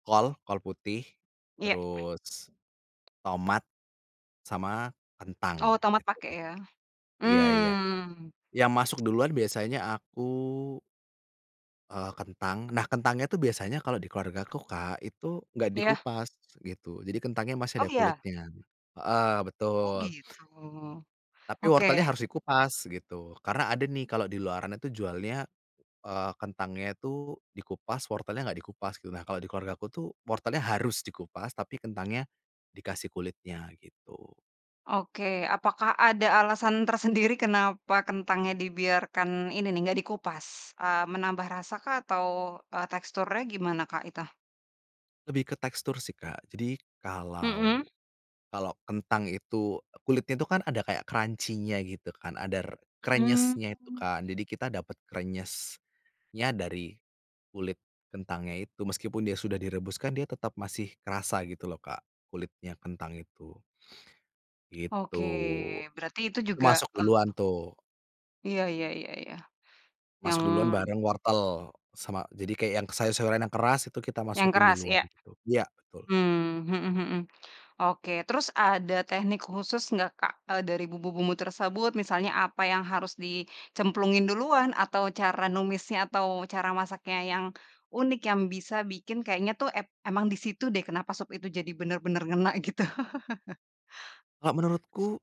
Kol kol putih, Iya. terus tomat sama Oh, kentang tomat itu. pake ya. Iya iya Mmm. yang masuk duluan biasanya aku eee, kentang nah kentang itu biasanya kalau di keluargaku Kak, itu enggak Ya. dikupas gitu, jadi kentangnya masih Oh, ada ya? kulitnya heeh Oh betul. gitu. Tapi Oke. wortelnya harus dikupas, gitu. Karena ada nih kalau di luaran itu jualnya, eee, kentangnya itu dikupas, wortelnya enggak dikupas, gitu. Nah, kalau di keluargaku tuh wortelnya harus dikupas tapi kentangnya dikasih kulitnya, gitu. Oke, apakah ada alasan tersendiri kenapa kentangnya dibiarkan ini nih, enggak dikupas? Eee, menambah rasa kah atau, eee, teksturnya gimana Kak, itu? Lebih ke tekstur sih Kak, jadi kalau Mhm. kalau kentang itu kulitnya itu kan ada kayak crunchy-nya gitu kan, ada r kresnyesnya itu Mmm. kan, jadi kita dapet krenyesnya dari kulit kentangnya itu, meskipun dia sudah direbus kan dia tetap masih kerasa, gitu loh Kak, kulitnya kentang itu. Gitu. Oke berarti itu Itu juga, masuk duluan eee tuh. Iya iya iya iya. Yang Masuk duluan bareng wortel. Sama jadi kayak yang sayur-sayuran yang keras itu kita Yang masukin keras, duluan, iya. gitu ya, betul. Hmm. Mhm mhm. Oke, terus ada teknik khusus enggak Kak, eee, dari bumbu-bumbu tersebut, misalnya apa yang harus dicemplungin duluan, atau cara numisnya, atau cara masaknya yang unik, yang bisa bikin kayaknya tuh ep emang di situ deh, kenapa sup itu jadi bener-bener ngena gitu. Kalau menurutku